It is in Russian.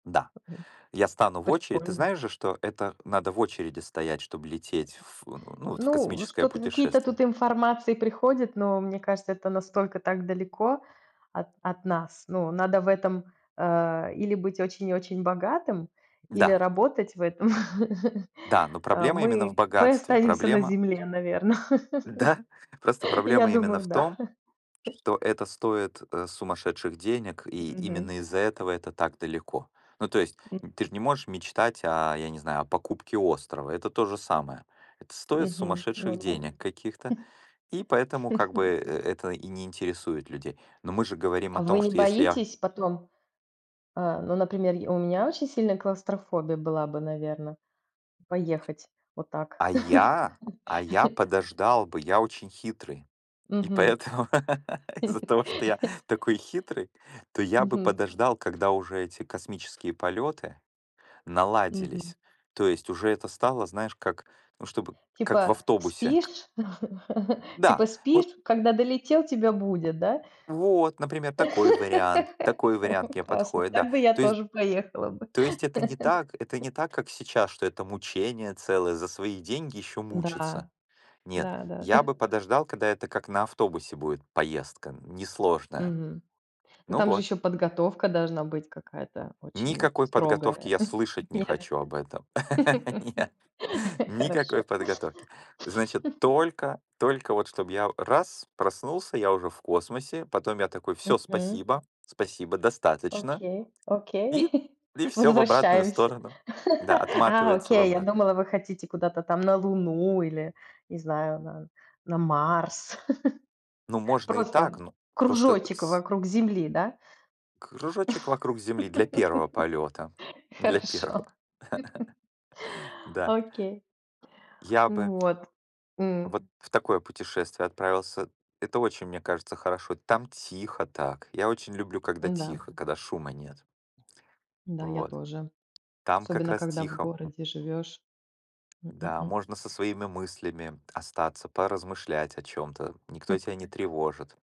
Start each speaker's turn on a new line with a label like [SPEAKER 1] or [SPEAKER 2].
[SPEAKER 1] Да,
[SPEAKER 2] Мгм.
[SPEAKER 1] я
[SPEAKER 2] К
[SPEAKER 1] стану в очередь. Ты
[SPEAKER 2] прикольно.
[SPEAKER 1] знаешь же, что это надо в очереди стоять, чтоб лететь в у ну ну вот, в
[SPEAKER 2] Ну, вот
[SPEAKER 1] космическое
[SPEAKER 2] что-то какие-то тут
[SPEAKER 1] путешествие.
[SPEAKER 2] информации приходят, но мне кажется, это настолько так далеко от от нас. Ну, надо в этом, э, или быть очень-очень богатым, или
[SPEAKER 1] Да.
[SPEAKER 2] работать в этом.
[SPEAKER 1] Да, но
[SPEAKER 2] А
[SPEAKER 1] проблема именно в
[SPEAKER 2] мы мы
[SPEAKER 1] богатстве.
[SPEAKER 2] останемся на
[SPEAKER 1] Проблема
[SPEAKER 2] Земле, наверно.
[SPEAKER 1] Да? Просто
[SPEAKER 2] Я
[SPEAKER 1] проблема именно
[SPEAKER 2] думаю,
[SPEAKER 1] в
[SPEAKER 2] да.
[SPEAKER 1] том, что это стоит, э, сумасшедших денег. И
[SPEAKER 2] Мгм.
[SPEAKER 1] именно из-за этого это так далеко. Ну, то есть
[SPEAKER 2] Мгм.
[SPEAKER 1] н ты же не можешь мечтать о, я не знаю, о покупке острова. Это то же самое. Это стоит
[SPEAKER 2] Мгм. Ну
[SPEAKER 1] сумасшедших
[SPEAKER 2] да.
[SPEAKER 1] денег каких-то. И поэтому как бы, э, это и не интересует людей. Но мы же говорим
[SPEAKER 2] А
[SPEAKER 1] о
[SPEAKER 2] вы
[SPEAKER 1] том,
[SPEAKER 2] не
[SPEAKER 1] что если я
[SPEAKER 2] боитесь потом? Э, ну, например, й у меня очень сильная клаустрофобия была бы, наверно, поехать вот так.
[SPEAKER 1] А я а я подождал бы. Я очень хитрый, и
[SPEAKER 2] Мгм.
[SPEAKER 1] поэтому из-за того, что я такой хитрый, то я бы
[SPEAKER 2] Мгм.
[SPEAKER 1] подождал, когда уже эти космические полеты
[SPEAKER 2] Мгм.
[SPEAKER 1] наладились. То есть уже это стало, знаешь, как, ну, чтобы как в
[SPEAKER 2] Типа
[SPEAKER 1] автобусе к
[SPEAKER 2] спишь? Типа
[SPEAKER 1] Да!
[SPEAKER 2] спишь,
[SPEAKER 1] Вот
[SPEAKER 2] когда долетел, тебя будят, да?
[SPEAKER 1] Вот, например, такой вариант. Такой вариант
[SPEAKER 2] Мгм.
[SPEAKER 1] мне
[SPEAKER 2] Классно!
[SPEAKER 1] подходит, да.
[SPEAKER 2] Так бы я
[SPEAKER 1] То есть
[SPEAKER 2] тоже поехала бы.
[SPEAKER 1] то есть это не так это не так, как сейчас, что это мучение целое: за свои деньги еще
[SPEAKER 2] Да.
[SPEAKER 1] мучиться. Нет,
[SPEAKER 2] Да да да.
[SPEAKER 1] я бы подождал, когда это как на автобусе будет поездка, несложная.
[SPEAKER 2] Мгм. Ну
[SPEAKER 1] Ну
[SPEAKER 2] там же
[SPEAKER 1] вот.
[SPEAKER 2] ещё подготовка должна быть какая-то очень
[SPEAKER 1] Никакой подготовки
[SPEAKER 2] строгая.
[SPEAKER 1] я слышать не
[SPEAKER 2] Нет?
[SPEAKER 1] хочу об этом. Нет, Нет, никакой
[SPEAKER 2] Хорошо.
[SPEAKER 1] подготовки. Значит, только только вот чтоб я у раз- проснулся, я уже в космосе. Потом я такой: "Всё,
[SPEAKER 2] Мгм.
[SPEAKER 1] спасибо. Спасибо. Достаточно".
[SPEAKER 2] Окей окей.
[SPEAKER 1] И и всё в обратную
[SPEAKER 2] Возвращаемся!
[SPEAKER 1] сторону. Да,
[SPEAKER 2] А,
[SPEAKER 1] отматывается в
[SPEAKER 2] окей. Я
[SPEAKER 1] обрат
[SPEAKER 2] думала, вы хотите куда-то там на Луну или, не знаю, на на Марс.
[SPEAKER 1] Ну, можно и
[SPEAKER 2] Просто,
[SPEAKER 1] так,
[SPEAKER 2] м,
[SPEAKER 1] ну, просто
[SPEAKER 2] кружочек
[SPEAKER 1] с
[SPEAKER 2] вокруг Земли, да?
[SPEAKER 1] Кружочек вокруг Земли для 1 полета, для
[SPEAKER 2] Хорошо.
[SPEAKER 1] 1. Да.
[SPEAKER 2] Окей.
[SPEAKER 1] Я бы
[SPEAKER 2] Ну вот. М.
[SPEAKER 1] вот в такое путешествие отправился. Это очень, мне кажется, хорошо. Там тихо так. Я очень люблю, когда
[SPEAKER 2] М-да.
[SPEAKER 1] тихо, когда шума нет.
[SPEAKER 2] Да, я
[SPEAKER 1] Вот.
[SPEAKER 2] тоже.
[SPEAKER 1] Там как
[SPEAKER 2] Особенно
[SPEAKER 1] раз
[SPEAKER 2] когда в
[SPEAKER 1] тихо. М
[SPEAKER 2] городе живёшь. М м
[SPEAKER 1] Да,
[SPEAKER 2] м.
[SPEAKER 1] можно со своими мыслями остаться, поразмышлять о чем-то. Никто
[SPEAKER 2] Хм.
[SPEAKER 1] тебя не тревожит.